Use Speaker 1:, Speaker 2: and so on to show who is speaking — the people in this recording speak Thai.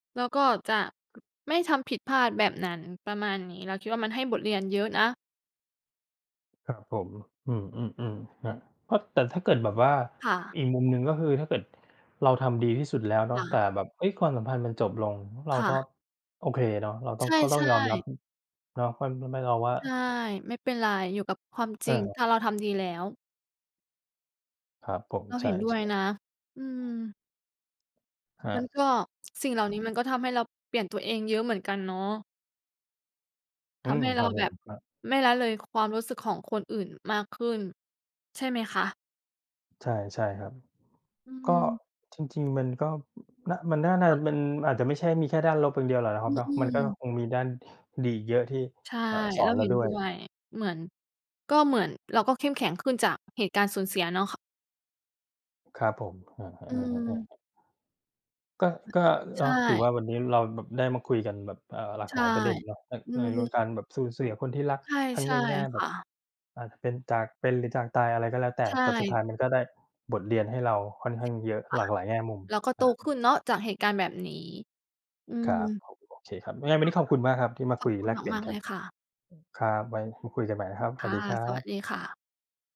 Speaker 1: แล้วก็จะ ม ไม่ทำผิดพลาดแบบนั้น ประมาณนี้ เราคิดว่ามันให้บทเรียนเยอะนะ
Speaker 2: ครับผม อืม ๆ ๆ ครับ ก็ แต่ถ้าเกิดแบบว่า
Speaker 1: ค่ะ
Speaker 2: อีกมุมหนึ่งก็คือถ้าเกิดเราทำดีที่สุดแล้วเนา
Speaker 1: ค
Speaker 2: ะ
Speaker 1: ่
Speaker 2: แต่
Speaker 1: ะ
Speaker 2: แบบ เฮ้ย ความสัมพันธ์มันจบลง เรา
Speaker 1: ค่
Speaker 2: ก็
Speaker 1: ะ
Speaker 2: โอเคเนาะ เราต้
Speaker 1: ใ
Speaker 2: อ
Speaker 1: ช
Speaker 2: ง
Speaker 1: ่
Speaker 2: ก็ต้องยอมรับ
Speaker 1: ๆ
Speaker 2: อ เราค่อน ไม่ ไม่ รอว่า
Speaker 1: ใช่ ไม่เป็นไร อยู่กับความจ
Speaker 2: เ
Speaker 1: ริง
Speaker 2: ออ
Speaker 1: ถ้าเราทำดีแล้ว
Speaker 2: ครับผม
Speaker 1: เรา
Speaker 2: ใช
Speaker 1: เห็
Speaker 2: ่
Speaker 1: นด้วย
Speaker 2: ๆ
Speaker 1: นะ อืม
Speaker 2: ครั
Speaker 1: มั
Speaker 2: บ
Speaker 1: นก็ สิ่งเหล่านี้มันก็ทำให้เราเปลี่ยนตัวเองเยอะเหมือนกันเนาะ
Speaker 2: อ
Speaker 1: ท
Speaker 2: ื
Speaker 1: ำ
Speaker 2: ม
Speaker 1: ให้เ
Speaker 2: ค
Speaker 1: ร
Speaker 2: ร
Speaker 1: า
Speaker 2: ับ
Speaker 1: แ
Speaker 2: ผ
Speaker 1: บ
Speaker 2: ม
Speaker 1: บ
Speaker 2: ครับ
Speaker 1: ไม่ละเลยความรู้สึกของคนอื่นมากขึ้น ใช่ไหมคะ?
Speaker 2: ใช่ ใช่ครับ
Speaker 1: อื
Speaker 2: ก็
Speaker 1: ม
Speaker 2: จริง ๆ มันก็ อ น มันน่า น่า
Speaker 1: ค
Speaker 2: จ
Speaker 1: ่
Speaker 2: ะ
Speaker 1: ะ
Speaker 2: เป็น มันอาจจะไม่ใช่มีแค่ด้านลบอย่างเดียวหรอกนะคร
Speaker 1: อ
Speaker 2: ับเนาะ
Speaker 1: อื
Speaker 2: มันก็
Speaker 1: อ
Speaker 2: คงมีด้านดีอีกเยอะที่
Speaker 1: ใช่
Speaker 2: เอ่อ สอ
Speaker 1: เร
Speaker 2: น
Speaker 1: า
Speaker 2: เร
Speaker 1: เ
Speaker 2: า
Speaker 1: ห็น
Speaker 2: ด้
Speaker 1: ด
Speaker 2: ว
Speaker 1: ้
Speaker 2: ย
Speaker 1: วย เหมือน ก็เหมือนเราก็เข้มแข็งขึ้นจากเหตุการณ์สูญเสียเนาะ ค
Speaker 2: ครับผม เออ
Speaker 1: อื
Speaker 2: ๆ
Speaker 1: ม
Speaker 2: ๆ ๆ ๆ ก็ ก็
Speaker 1: ใช
Speaker 2: เนาะ ถือ
Speaker 1: ่
Speaker 2: ว่าวันนี้เราแบบได้มาคุยกันแบบ เอ่อ หลา
Speaker 1: ใ
Speaker 2: ก
Speaker 1: ช
Speaker 2: หล
Speaker 1: ่
Speaker 2: ายประเด็นเนาะ อ
Speaker 1: อื
Speaker 2: ใน ล กา
Speaker 1: ม
Speaker 2: รแบบสูญเสียคนที่รัก
Speaker 1: ใช่
Speaker 2: ทั้
Speaker 1: ใ
Speaker 2: ง
Speaker 1: ช่
Speaker 2: ในแง่
Speaker 1: ค
Speaker 2: แบ
Speaker 1: ่
Speaker 2: บ
Speaker 1: ะ
Speaker 2: อาจจะเป็นจากเป็น หรือจากตาย อะไรก็แล้วแต
Speaker 1: ใ
Speaker 2: ่
Speaker 1: ช
Speaker 2: แต่สุดท้
Speaker 1: ่
Speaker 2: ายมันก็ได้บทเรียนให้เราค่อนข้
Speaker 1: ส
Speaker 2: างเยอะ
Speaker 1: ค่
Speaker 2: ห
Speaker 1: ะ
Speaker 2: ลากหลายแง่มุม
Speaker 1: เราก็โ
Speaker 2: น
Speaker 1: ต
Speaker 2: ะ
Speaker 1: ขึ้นเนาะ จากเหตุการณ์แบบนี้ อื
Speaker 2: ครับ
Speaker 1: ม
Speaker 2: โอเคครับ ยังไงวั
Speaker 1: ค
Speaker 2: น
Speaker 1: ่
Speaker 2: น
Speaker 1: ะ
Speaker 2: ี้ขอบคุณมากครับที่มา
Speaker 1: ข
Speaker 2: ค
Speaker 1: อ
Speaker 2: ุ
Speaker 1: บ
Speaker 2: ย
Speaker 1: คุ
Speaker 2: แล
Speaker 1: ณ
Speaker 2: กเปลี่
Speaker 1: ม
Speaker 2: ยน
Speaker 1: าก ๆ
Speaker 2: ก
Speaker 1: เ
Speaker 2: ั
Speaker 1: ล
Speaker 2: น
Speaker 1: ย
Speaker 2: อ
Speaker 1: ค่ะ
Speaker 2: ครับ ไว้มาคุยกันใหม่นะครับ ส
Speaker 1: ค
Speaker 2: วั
Speaker 1: ่
Speaker 2: ส
Speaker 1: ะ
Speaker 2: ดีครั
Speaker 1: สวัส
Speaker 2: บ
Speaker 1: ดีค่ะ